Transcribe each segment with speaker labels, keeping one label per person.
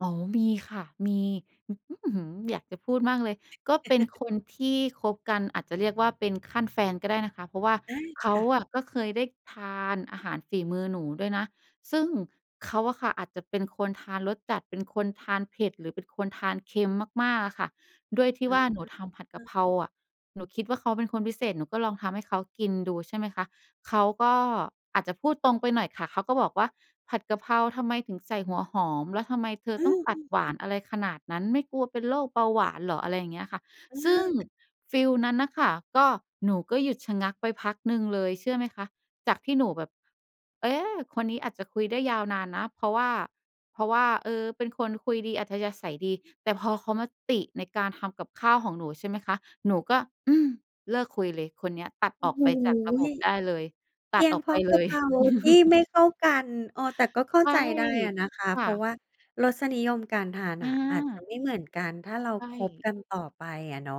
Speaker 1: อ๋อ มีค่ะ มี อื้อฮือ อยากจะพูดมากเลย ก็เป็นคนที่คบกัน อาจจะเรียกว่าเป็นขั้นแฟนก็ได้นะคะ เพราะว่า
Speaker 2: ใช่
Speaker 1: เข
Speaker 2: ค
Speaker 1: า
Speaker 2: ่ะ
Speaker 1: อะก็เคยได้ทานอาหารฝีมือหนูด้วยนะ ซึ่งเขาอะค่ะอาจจะเป็นคนทานรสจัด เป็นคนทานเผ็ด หรือเป็นคนทานเค็มมาก ๆ อะค่ะ ด้วยที
Speaker 2: อ
Speaker 1: ่
Speaker 2: ะ
Speaker 1: ว่า
Speaker 2: ฮะ
Speaker 1: หนูทำผัด
Speaker 2: อ
Speaker 1: กะเ
Speaker 2: า
Speaker 1: พราอะ หนูคิดว่าเขาเป็นคนพิเศษ หนูก็ลองทำให้เขากินดู ใช่ไหมคะ เขาก็อาจจะพูดตรงไปหน่อยค่ะ เขาก็บอกว่า "ผัดกะเพราทำไมถึงใส่หัวหอม แล้วทำไมเธอ
Speaker 2: อื
Speaker 1: ต้องตัด
Speaker 2: ม ๆ
Speaker 1: หวานอะไรขนาดนั้น ไม่กลัวเป็นโรคเบาหวานเหรอ" อะไรอย่างเงี้ยค่ะ
Speaker 2: อ
Speaker 1: ซึ่ง
Speaker 2: า
Speaker 1: ฟิวนั้นน่ะค่ะ ก็หนูก็หยุดชะงักไปพักหนึ่งเลยเชื่อไหมคะ? จากที่หนูแบบ เอ๊ะ คนนี้อาจจะคุยได้ยาวนานนะ เพราะว่า เพราะว่า เออ เป็นคนคุยดีอัธยาศัยดี แต่พอเขามาติในการทำกับข้าวของหนู ใช่ไหมคะ หนูก็ อืม เลิกคุยเลย คนเนี้ยตัด
Speaker 2: โอ
Speaker 1: อ
Speaker 2: ้
Speaker 1: อก
Speaker 2: โฮ
Speaker 1: ไปจากระบบได้เลย
Speaker 2: เ
Speaker 1: ต
Speaker 2: พ
Speaker 1: ั
Speaker 2: ี
Speaker 1: ด
Speaker 2: ย
Speaker 1: อ
Speaker 2: ง
Speaker 1: อก
Speaker 2: เพ
Speaker 1: ไ
Speaker 2: ร
Speaker 1: ป
Speaker 2: าะก
Speaker 1: เล
Speaker 2: ะเ
Speaker 1: ย
Speaker 2: พราที่ไม่เข้ากัน เออ แต่ก็เข้า
Speaker 1: ใช่
Speaker 2: ใจได้อะนะคะ
Speaker 1: ค
Speaker 2: เ
Speaker 1: ่
Speaker 2: พราะว
Speaker 1: ะ
Speaker 2: ่ารสนิยมการทาน
Speaker 1: อ
Speaker 2: อะอาจจะ
Speaker 1: า
Speaker 2: ไม่เหมือนกัน ถ้าเรา
Speaker 1: ใช
Speaker 2: คบ
Speaker 1: ่
Speaker 2: กันต่อไปอะเนาะ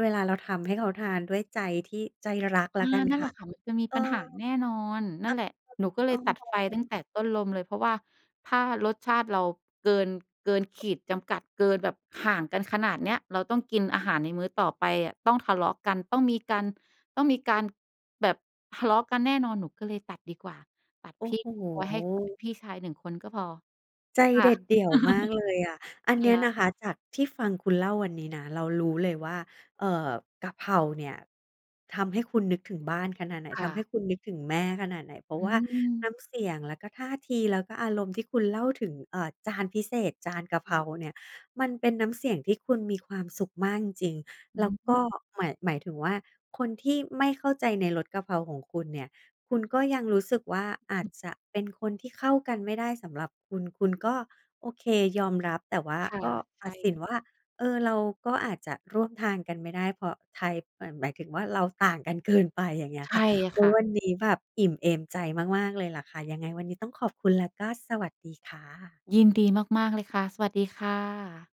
Speaker 2: เวลาเราทำให้เขาทานด้วยใจที่ ใจรักแ
Speaker 1: เอ
Speaker 2: ล้วก
Speaker 1: อ
Speaker 2: ัน
Speaker 1: นั่น
Speaker 2: ค
Speaker 1: แหล
Speaker 2: ่ะ
Speaker 1: ะค่ะ มันจะมี
Speaker 2: เออ
Speaker 1: ปัญหาแน่นอน นั่นแหละ หนูก็เ
Speaker 2: เ
Speaker 1: ล
Speaker 2: ออ
Speaker 1: ยตัดไฟตั้งแต่ต้นลมเลย เพราะว่าถ้ารสชาติเราเกิน เกินขีดจำกัด เกินแบบห่างกันขนาดเนี้ย เราต้องกินอาหารในมื้อต่อไปอะ ต้องทะเลาะกัน ต้องมีการ ต้องมีการแบบทะเลาะกันแน่นอน หนูก็เลยตัดดีกว่า ตัด
Speaker 2: โอ
Speaker 1: พ
Speaker 2: ้
Speaker 1: ี่
Speaker 2: โ
Speaker 1: เอาไว้ให้
Speaker 2: ฮ
Speaker 1: พี่ชาย 1 คนก็พอ
Speaker 2: ใจ
Speaker 1: ค่
Speaker 2: เด
Speaker 1: ะ
Speaker 2: ็ดเดี่ยวมากเลยอะ อั
Speaker 1: ค
Speaker 2: นเนี้ย
Speaker 1: ่
Speaker 2: น
Speaker 1: ะ
Speaker 2: ะคะจากที่ฟังคุณเล่าวันนี้นะ เรารู้เลยว่า เอ่อ กะเพราเนี่ยทำให้คุณนึกถึงบ้านขนาดไหน
Speaker 1: ค
Speaker 2: ท
Speaker 1: ่
Speaker 2: ำให
Speaker 1: ะ
Speaker 2: ้คุณนึกถึงแม่ขนาดไหน เพรา
Speaker 1: อ
Speaker 2: ะ
Speaker 1: ื
Speaker 2: ว่าน้
Speaker 1: ม
Speaker 2: ำเสียง แล้วก็ท่าที แล้วก็อารมณ์ที่คุณเล่าถึง เอ่อ จานพิเศษจานกะเ
Speaker 1: อ
Speaker 2: พร
Speaker 1: ื
Speaker 2: า
Speaker 1: ม
Speaker 2: เนี่ย มันเป็นน้ำเสียงที่คุณมีความสุขมากจริง
Speaker 1: อ
Speaker 2: ๆ
Speaker 1: ื
Speaker 2: แล้ว
Speaker 1: อฮ
Speaker 2: ก็
Speaker 1: ึ
Speaker 2: หมาย หมายถึงว่าคนที่ไม่เข้าใจในรสกะเพราของคุณเนี่ย คุณก็ยังรู้สึกว่าอา
Speaker 1: อ
Speaker 2: จ
Speaker 1: ือ
Speaker 2: จะเป็นคนที่เข้ากันไม่ได้สำหรับคุณ คุณก็โอเคยอมรับ แต่ว่า
Speaker 1: ค่ะ
Speaker 2: ก็ต
Speaker 1: ใช
Speaker 2: ั
Speaker 1: ่
Speaker 2: ดสิ
Speaker 1: เล
Speaker 2: น
Speaker 1: ย
Speaker 2: ว่า เออ เราก็อาจจะร่วมทางกันไม่ได้ เพราะไทย เหมือนแบบหมายถึงว่าเราต่างกันเกินไป อย่างเงี้ย
Speaker 1: ใช
Speaker 2: ค่
Speaker 1: ่
Speaker 2: ะ โอ
Speaker 1: ค
Speaker 2: ้
Speaker 1: ่
Speaker 2: ย
Speaker 1: ะ
Speaker 2: วันนี้แบบอิ่มเอมใจมาก ๆ เลยล่ะค่ะ ยังไงวันนี้ต้องขอบคุณและก็สวัสดีค่ะ
Speaker 1: ยินดีมาก ๆ เลยค่ะ สวัสดีค่ะ